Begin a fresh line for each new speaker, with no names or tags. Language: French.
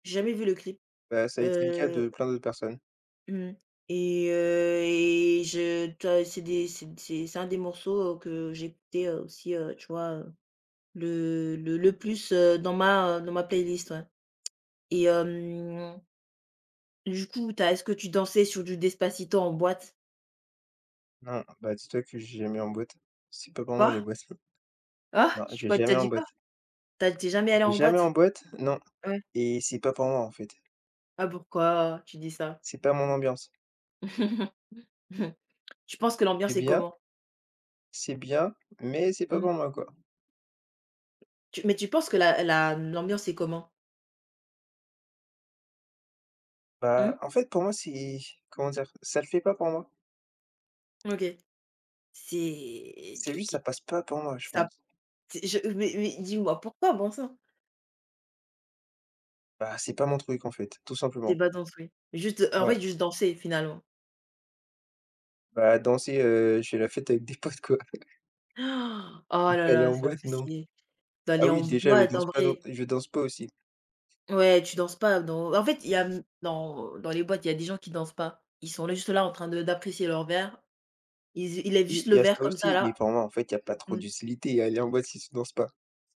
J'ai jamais vu le clip,
Bah, ça a été le cas
heu
de plein d'autres personnes.
Mmh et heu, et je tu as et c'est des c'est d c'est c'est un des morceaux que j'écoutais, heu, aussi, heu, tu vois, heu, le le le plus, heu, dans ma, heu, dans ma playlist, ouais, et hem du coup, tu as est-ce que tu dansais sur du Despacito en boîte?
Non, bah, dis toi que je vais jamais en boîte. C'est pas pour moi
Quoi?
les boîtes.
Ah,
Non,
t
je vais
quoi? Tu as
jamais en
dit quoi?
boîte.
Tu as tu es jamais
Je
allé
vais
en
jamais
boîte?
en boîte, non,
Ouais.
et c'est pas pour moi, en fait.
Ah, pourquoi tu dis ça?
C'est pas mon ambiance.
Tu penses que
C'est
l'ambiance est
bien
comment?
c'est bien, mais c'est pas
Mmh.
pour moi, quoi.
Tu mais tu penses que la la m l'ambiance est comment? Mmh.
Bah en fait pour moi, c'est comment dire? Ça le fait pas pour moi.
OK, c'est
C'est
qui
juste, ça
qui
passe pas pour moi, je
ça p
pense.
c'est je mais mais dis-moi, pourquoi, bon sang?
Bah, c'est pas mon truc, en fait, tout
Tu es
simplement.
pas danse, oui, juste, heu, en
Ouais.
fait, juste danser finalement.
Bah, danser, heu, je fais la fête avec des potes, quoi.
Oh
Du
là
coup, aller
là,
en
c'est pas
boîte, non.
possi
Ah
d'aller en
oui, déjà, je
boîte,
danse
en
pas dans
vrai.
je danse pas, aussi.
Ouais, tu danses pas dans en fait, il y a, mmh, dans dans les boîtes, il y a des gens qui dansent pas. Ils sont là juste là en train de d'apprécier leur verre. Ils z ils lèvent
Oui,
juste
il
le
y a
verre
ça
comme ça
aussi,
là.
mais pour moi, en fait, il y a pas trop
Mmh.
d'utilité à aller en boîte si tu danses pas.